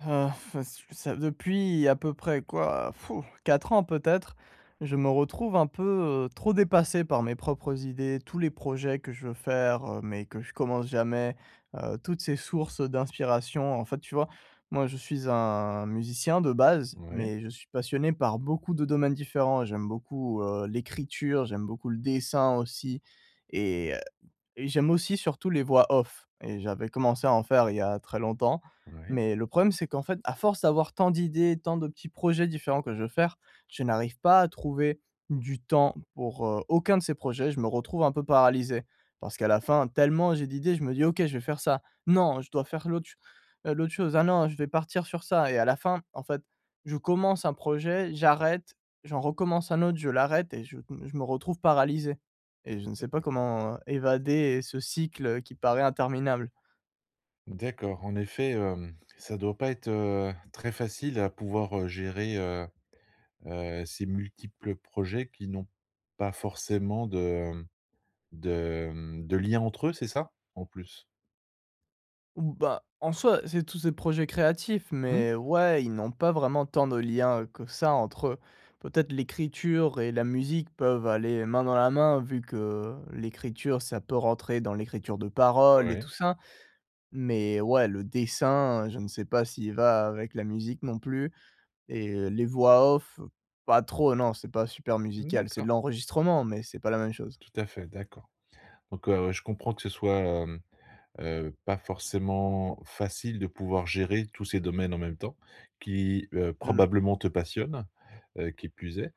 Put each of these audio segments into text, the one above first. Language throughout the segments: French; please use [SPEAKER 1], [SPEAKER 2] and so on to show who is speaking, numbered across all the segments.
[SPEAKER 1] Ah faç ç ça depuis à peu près quoi, pfou, 4 ans peut-être? Je me retrouve un peu, heu, trop dépassé par mes propres idées, tous les projets que je veux faire, heu, mais que je commence jamais, heu, toutes ces sources, heu, d'inspiration en fait. Tu vois? Moi je suis un musicien de base,
[SPEAKER 2] Mouais.
[SPEAKER 1] mais je suis passionné par beaucoup de domaines différents. J'aime beaucoup, heu, l'écriture, j'aime beaucoup le dessin aussi et heu, et j'aime aussi surtout les voix off et j'avais commencé à en faire il y a très longtemps.
[SPEAKER 2] Ouais.
[SPEAKER 1] Mais le problème c'est qu'en fait à force d'avoir tant d'idées, tant de petits projets différents que je veux faire, je n'arrive pas à trouver du temps pour, heu, aucun de ces projets, je me retrouve un peu paralysé. Parce qu'à la fin tellement j'ai d'idées je me dis: «OK, je vais faire ça, non je dois faire l'autre ch heu, l'autre chose, ah non je vais partir sur ça» et à la fin en fait je commence un projet, j'arrête, j'en recommence un autre, je l'arrête et je me je me retrouve paralysé et je ne sais pas
[SPEAKER 2] D'accord.
[SPEAKER 1] comment évader ce cycle, heu, qui paraît interminable.
[SPEAKER 2] D'accord. En effet, hem, ça doit pas être, heu, très facile à pouvoir, heu, gérer, heu heu, ces multiples projets qui n'ont pas forcément de mmh, de mmh, de liens entre eux, c'est ça? En plus.
[SPEAKER 1] Ou bah, en soi c'est tous des projets créatifs,
[SPEAKER 2] Mmh.
[SPEAKER 1] mais ouais ils n'ont pas vraiment tant de liens, heu, que ça entre eux. Peut-être l'écriture et la musique peuvent aller main dans la main vu que l'écriture ça peut rentrer dans l'écriture de parole et tout
[SPEAKER 2] Ouais.
[SPEAKER 1] ça. Mais ouais le dessin je ne sais pas s'il va avec la musique non plus et heu, les voix off pas trop. Non c'est pas super
[SPEAKER 2] Mmh
[SPEAKER 1] musical, c'est de
[SPEAKER 2] d'accord.
[SPEAKER 1] l'enregistrement mais c'est pas la même chose.
[SPEAKER 2] Tout à fait d'accord. Donc, heu, je comprends que ce soit, hem, heu, pas forcément facile de pouvoir gérer tous ces domaines en même temps qui, heu,
[SPEAKER 1] Mmh.
[SPEAKER 2] probablement te passionnent, heu, qui plus est.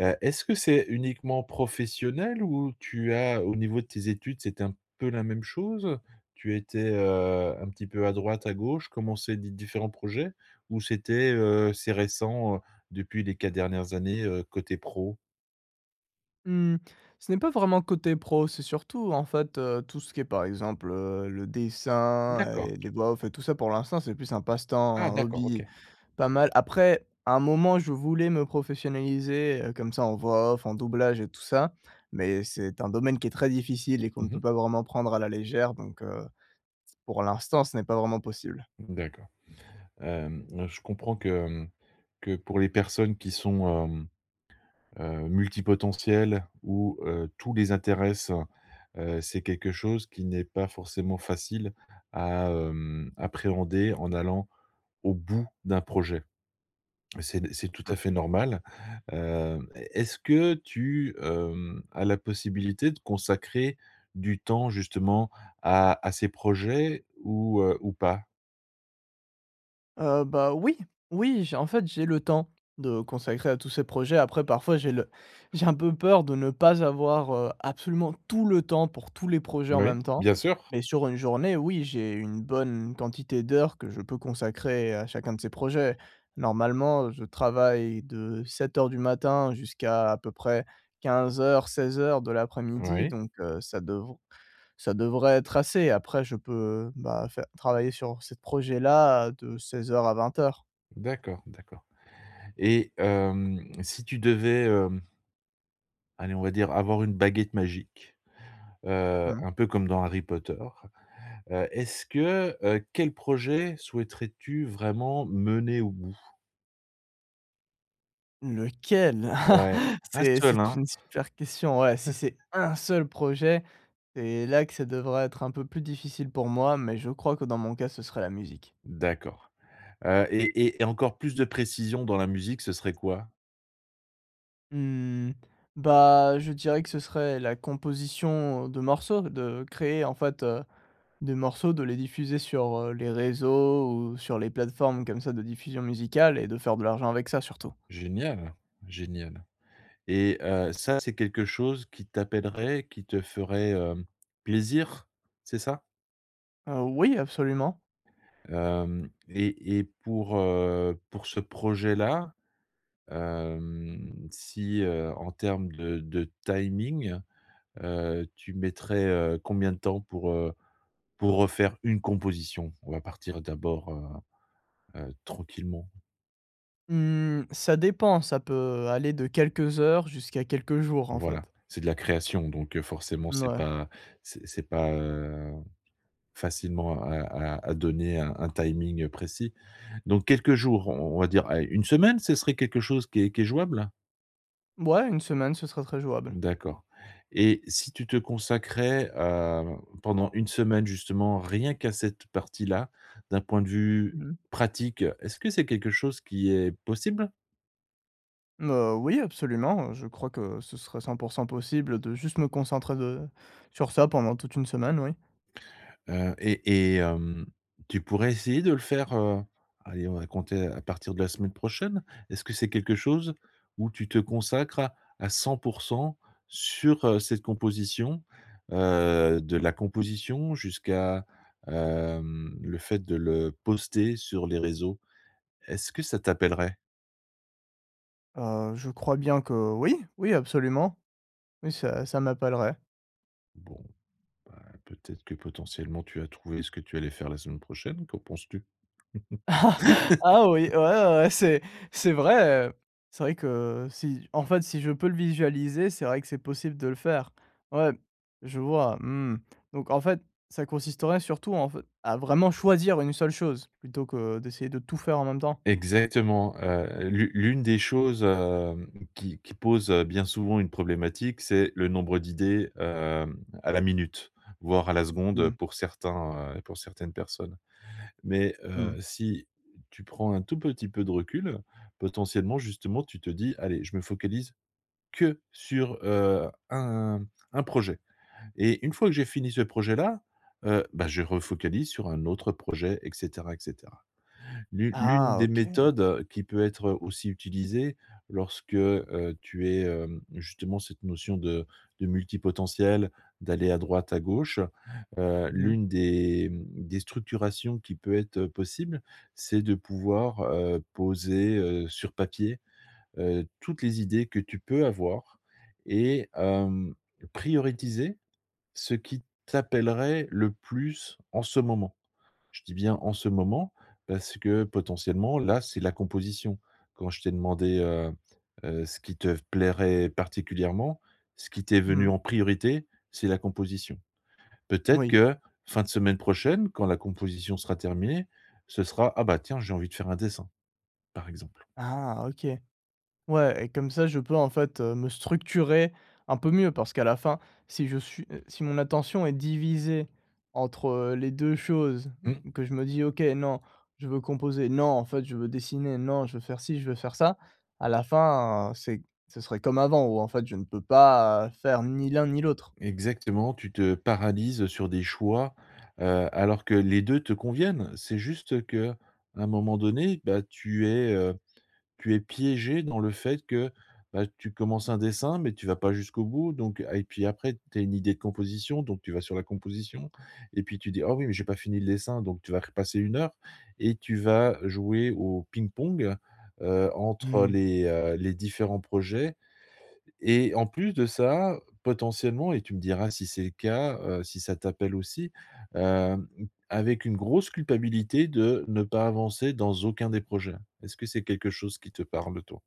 [SPEAKER 2] Heu, est-ce que c'est uniquement professionnel? Ou tu as au niveau de tes études c'est un peu la même chose, heu? Tu étais, heu, un petit peu à droite, à gauche, commencer des différents projets? Ou c'était, heu, c'est récent, heu, depuis les 4 dernières années, heu, côté pro?
[SPEAKER 1] Mmh, ce n'est pas vraiment côté pro, c'est surtout en fait, heu, tout ce qui est par exemple, heu, le dessin
[SPEAKER 2] D'accord.
[SPEAKER 1] et les voix off et tout ça pour l'instant c'est plus un passe-temps,
[SPEAKER 2] Ah!
[SPEAKER 1] un
[SPEAKER 2] D'accord.
[SPEAKER 1] hobby
[SPEAKER 2] OK.
[SPEAKER 1] pas mal. Après, à un moment je voulais me professionnaliser, heu, comme ça en voix off, en doublage et tout ça, mais c'est un domaine qui est très difficile et qu'on
[SPEAKER 2] Mmh
[SPEAKER 1] ne peut
[SPEAKER 2] mh.
[SPEAKER 1] pas vraiment prendre à la légère donc heu, pour l'instant, ce n'est pas vraiment possible.
[SPEAKER 2] D'accord, hem, je comprends que, hem, que pour les personnes qui sont, hem, heu, multi-potentielles où, heu, tout les intéresse, heu, c'est quelque chose qui n'est pas forcément facile à, hem, appréhender en allant au bout d'un projet. Mais c'est c'est tout
[SPEAKER 1] Mmh.
[SPEAKER 2] à fait normal, hem, est est-ce que tu, hem, as la possibilité de consacrer du temps justement à à ces projets ou, heu, ou pas?
[SPEAKER 1] Heu, bah, oui, oui j'ai en fait, j'ai le temps de consacrer à tous ces projets. Après, parfois, j'ai le j'ai un peu peur de ne pas avoir, heu, absolument tout le temps pour tous les projets, en
[SPEAKER 2] Oui,
[SPEAKER 1] même temps,
[SPEAKER 2] bien sûr.
[SPEAKER 1] mais sur une journée, oui, j'ai une bonne quantité d'heures que je peux consacrer à chacun de ces projets. Normalement, je travaille de 07:00 du matin jusqu'à à peu près 15:00-16:00 de l'après-midi,
[SPEAKER 2] Oui.
[SPEAKER 1] donc heu, ça devr ça devrait être assez. Après je peux, bah faire travailler sur ces projets-là, heu, de 16:00 à 20:00.
[SPEAKER 2] D'accord, d'accord et hem, si tu devais, hem allez on va dire, avoir une baguette magique, heu,
[SPEAKER 1] Mmh.
[SPEAKER 2] un peu comme dans Harry Potter, heu, est-ce que, heu, quel projet souhaiterais-tu vraiment mener au bout?
[SPEAKER 1] Lequel?
[SPEAKER 2] Ouais, 1
[SPEAKER 1] C'est
[SPEAKER 2] seul
[SPEAKER 1] c'est
[SPEAKER 2] hein.
[SPEAKER 1] une super question, ouais si c'est 1 seul projet? Et là que ça devrait être un peu plus difficile pour moi, mais je crois que dans mon cas, ce serait la musique.
[SPEAKER 2] D'accord heu et et et encore plus de précision dans la musique, ce serait quoi?
[SPEAKER 1] Mmh. Bah, je dirais que ce serait la composition, heu, de morceaux. Ce créer, en fait, heu, des morceaux, de les diffuser sur, heu, les réseaux, ou sur les plateformes comme ça de diffusion musicale et de faire de l'argent avec ça surtout.
[SPEAKER 2] Génial! Génial et heu, ça, c'est quelque chose qui t'appellerait, qui te ferait, hem, plaisir, c'est ça?
[SPEAKER 1] Heu, oui. Absolument!
[SPEAKER 2] Hem et et pour, heu, pour ce projet-là, hem, si, heu, en termes de de timing, heu, tu mettrais, heu, combien de temps pour, heu, pour refaire une composition? On va partir d'abord, heu heu, tranquillement.
[SPEAKER 1] Mmh, ça dépend, ça peut aller de quelques heures jusqu'à quelques jours, en
[SPEAKER 2] Voilà,
[SPEAKER 1] fait.
[SPEAKER 2] c'est de la création donc heu, forcément, c'est
[SPEAKER 1] Mouais.
[SPEAKER 2] pas c'est c'est pas, heu, facilement, à à à donner un un timing, heu, précis, donc quelques jours, on on va dire, allez 1 semaine, ce serait quelque chose qui est qui est jouable?
[SPEAKER 1] Mouais, 1 semaine, ce serait très jouable.
[SPEAKER 2] D'accord et si tu te consacrais, heu, pendant 1 semaine, justement, rien qu'à cette partie-là, d'un point de vue
[SPEAKER 1] Mmh.
[SPEAKER 2] pratique, est-ce que c'est quelque chose qui est possible?
[SPEAKER 1] Mmh, heu, oui, absolument. Je crois que ce serait 100 % possible de juste me concentrer, de sur ça pendant toute 1 semaine, oui.
[SPEAKER 2] Heu, et et hem, tu pourrais essayer de le faire, heu, allez, on va compter à partir de la semaine prochaine? Est-ce que c'est quelque chose où tu te consacres à 100 % sur, heu, cette composition, heu, de la composition jusqu'à, hem, le fait, de le poster sur les réseaux? Est-ce que ça t'appellerait?
[SPEAKER 1] Heu, je crois bien que oui. Oui, absolument, oui, ça, ça m'appellerait.
[SPEAKER 2] Bon, bah, peut-être que potentiellement, tu as trouvé ce que tu allais faire la semaine prochaine. Qu'en penses-tu?
[SPEAKER 1] Ah oui, ouais, ouais. C'est c'est vrai, heu, c'est vrai que, si en fait, si je peux le visualiser, c'est vrai que c'est possible de le faire. Ouais, je vois, mmh, donc en fait, ça consisterait surtout en fe à vraiment choisir une seule chose plutôt que d'essayer de tout faire en même temps.
[SPEAKER 2] Exactement, heu, l'u l'une des choses, hem, qui qui pose, heu, bien souvent, une problématique, c'est le nombre d'idées, hem, à la minute, voire à la seconde, heu,
[SPEAKER 1] Mmh.
[SPEAKER 2] pour certains, heu, pour certaines personnes, mais
[SPEAKER 1] Mmh
[SPEAKER 2] heu,
[SPEAKER 1] mh.
[SPEAKER 2] si tu prends un tout petit peu de recul, potentiellement, justement, tu te dis: «Allez, je me focalise que sur, heu, un un projet et une fois que j'ai fini ce projet-là, heu, bah, je refocalise sur un autre projet et cetera et cetera». L'une l'une
[SPEAKER 1] Ah
[SPEAKER 2] des
[SPEAKER 1] OK.
[SPEAKER 2] méthodes, heu, qui peut être, heu, aussi utilisée lorsque, heu, tu es, hem, justement, cette notion de de multipotentiel, d'aller à droite, à gauche, heu,
[SPEAKER 1] Mmh.
[SPEAKER 2] l'une des, mmh, des structurations qui peut être, heu, possible, c'est de pouvoir, heu, poser, heu, sur papier, heu, toutes les idées que tu peux avoir et hem, prioriser ce qui t'appellerait le plus, en ce moment. Je dis bien, en ce moment, parce que, potentiellement, là, c'est la composition. Quand je t'ai demandé, heu heu, ce qui te v plairait particulièrement, ce qui t'est venu
[SPEAKER 1] Mmh.
[SPEAKER 2] en priorité, c'est la composition. Peut-être
[SPEAKER 1] Moui.
[SPEAKER 2] que, fin de semaine prochaine, quand la composition sera terminée, ce sera: «Ah bah, tiens, j'ai envie de faire un dessin» par exemple.
[SPEAKER 1] Ah OK. Ouais et comme ça je peux, en fait, heu, me structurer un peu mieux parce qu'à la fin si je suis heu, si mon attention est divisée entre les 2 choses, m
[SPEAKER 2] Mmh.
[SPEAKER 1] m que je me dis: «OK. Non, je veux composer! Non, en fait, je veux dessiner! Non, je veux faire ci, je veux faire ça!» À la fin, heu, c'est ce serait comme avant où, en fait, je ne peux pas, heu, faire ni l'un, ni l'autre.
[SPEAKER 2] Exactement, tu te paralyses, heu, sur des choix, heu, alors que les 2 te conviennent. C'est juste qu'un moment donné, bah, tu es, heu, tu es piégé dans le fait que, bah, tu commences un dessin mais tu vas pas jusqu'au bout donc a et puis, après, tu as une idée de composition, donc tu vas sur la composition et puis tu dis: «Ah oui, mais j'ai pas fini le dessin!» Donc tu vas repasser 1 heure et tu vas jouer au ping-pong, heu, entre
[SPEAKER 1] Mmh.
[SPEAKER 2] les, heu, les différents projets et en plus de ça, potentiellement et tu me diras, si c'est le cas, heu, si ça t'appelle aussi, hem, m avec une grosse culpabilité de ne pas avancer dans aucun des projets. Est-ce que c'est quelque chose qui te parle, toi?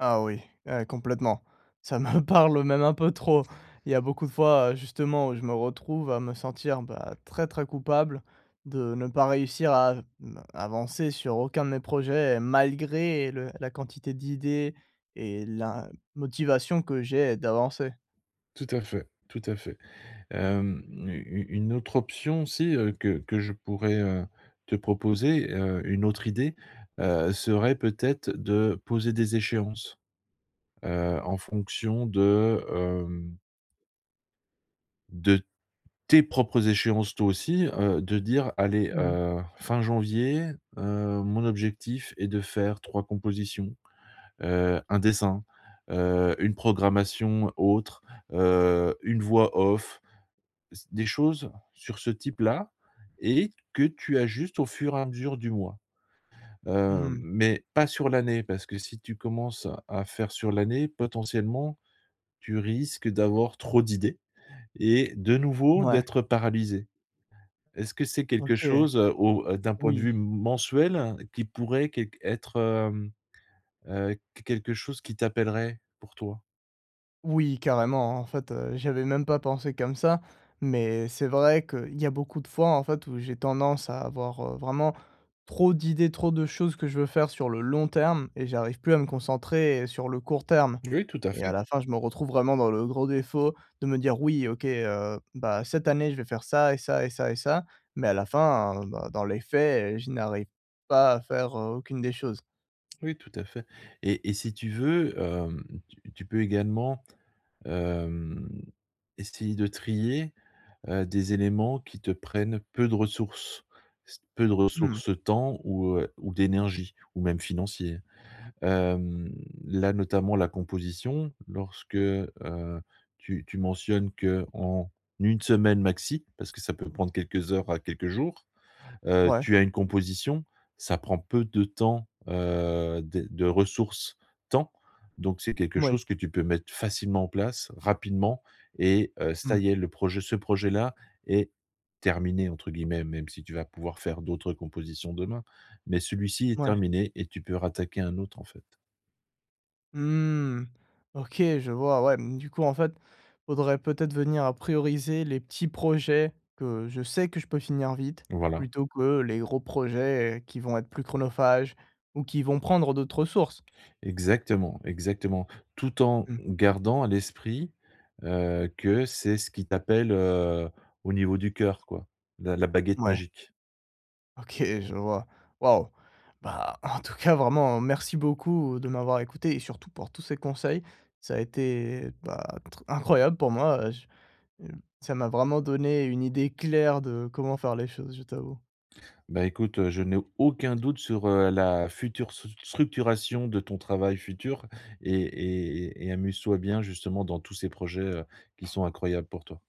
[SPEAKER 1] Ah oui. Eh complètement, ça me parle même un peu trop. Il y a beaucoup de fois, heu, justement, où je me retrouve à me sentir, bah, très, très coupable de ne pas réussir à v mmh, avancer sur aucun de mes projets et malgré le la quantité d'idées et la motivation que j'ai, d'avancer.
[SPEAKER 2] Tout à fait, tout à fait. Hem, u u une autre option aussi, heu, que que je pourrais, heu, te proposer, heu, une autre idée, heu, serait peut-être de poser des échéances. Heu, en fonction de, hem de tes propres échéances, toi, aussi. Heu, de dire: «Allez,
[SPEAKER 1] Mmh.
[SPEAKER 2] heu, fin janvier, heu, mon objectif est de faire 3 compositions, heu, 1 dessin, heu, 1 programmation autre, heu, 1 voix off». C des choses sur ce type-là et que tu ajustes au fur et à mesure du mois. Heu,
[SPEAKER 1] Mmh.
[SPEAKER 2] mais pas sur l'année parce que si tu commences, à faire sur l'année, potentiellement, tu risques d'avoir trop d'idées et de nouveau
[SPEAKER 1] Mouais.
[SPEAKER 2] d'être paralysé. Est-ce que c'est quelque
[SPEAKER 1] OK.
[SPEAKER 2] chose, heu, au d'un point de vue
[SPEAKER 1] Oui.
[SPEAKER 2] m mensuel qui pourrait qu être, hem, heu, qu quelque chose qui t'appellerait, pour toi?
[SPEAKER 1] Oui, carrément. En fait, heu, j'y avais même pas pensé comme ça, mais c'est vrai qu'il y a beaucoup de fois, en fait, où j'ai tendance à avoir, heu, vraiment trop d'idées, trop de choses que je veux faire sur le long terme et j'arrive plus à me concentrer et sur le court terme
[SPEAKER 2] Oui, tout à
[SPEAKER 1] et à
[SPEAKER 2] fait.
[SPEAKER 1] la fin, je me retrouve vraiment dans le gros défaut de me dire: «Oui, OK, heu, bah, cette année, je vais faire ça et ça et ça et ça», mais à la fin, bah, dans les faits, je n'arrive pas à faire, heu, aucune des choses.
[SPEAKER 2] Oui, tout à fait et et si tu veux, hem, tu tu peux également, hem, essayer de trier, heu, des éléments qui te prennent peu de ressources. S peu de
[SPEAKER 1] Mmh mh.
[SPEAKER 2] ressources temps ou, heu, ou d'énergie, ou même financier. Hem, là notamment la composition lorsque, heu, tu tu mentionnes qu'en 1 semaine maxi- parce que ça peut prendre quelques heures à quelques jours- heu,
[SPEAKER 1] Mouais.
[SPEAKER 2] tu as une composition, ça prend peu de temps, heu, des de ressources temps, donc c'est quelque
[SPEAKER 1] Moui.
[SPEAKER 2] chose que tu peux mettre facilement en place, rapidement et heu, ça
[SPEAKER 1] Mmh.
[SPEAKER 2] y est le projet ce projet-là est «terminé» entre guillemets, même si tu vas pouvoir faire d'autres compositions demain, mais celui-ci est
[SPEAKER 1] Mouais.
[SPEAKER 2] terminé et tu peux rattaquer un autre, en fait.
[SPEAKER 1] Mmh, OK je vois, ouais. Mmh, du coup en fait faudrait peut-être venir à prioriser les petits projets que je sais que je peux finir vite,
[SPEAKER 2] Voilà.
[SPEAKER 1] plutôt que les gros projets qui vont être plus chronophages ou qui vont prendre d'autres ressources.
[SPEAKER 2] Exactement, exactement. Tout en
[SPEAKER 1] Mmh.
[SPEAKER 2] gardant à l'esprit, heu, que c'est ce qui t'appelle, heu, au niveau du cœur, quoi, la la baguette
[SPEAKER 1] Ouais.
[SPEAKER 2] magique.
[SPEAKER 1] OK je vois. Waouh. Bah, en tout cas vraiment merci beaucoup de m'avoir écouté et surtout pour tous ces conseils, ça a été, bah, tr incroyable pour moi, heu, j mmh, ça m'a vraiment donné une idée claire de comment faire les choses, je t'avoue.
[SPEAKER 2] Bah, écoute, heu, je n'ai aucun doute sur, heu, la future stru structuration de ton travail futur et et et et amuse-toi bien, justement, dans tous ces projets, heu, qui sont incroyables pour toi.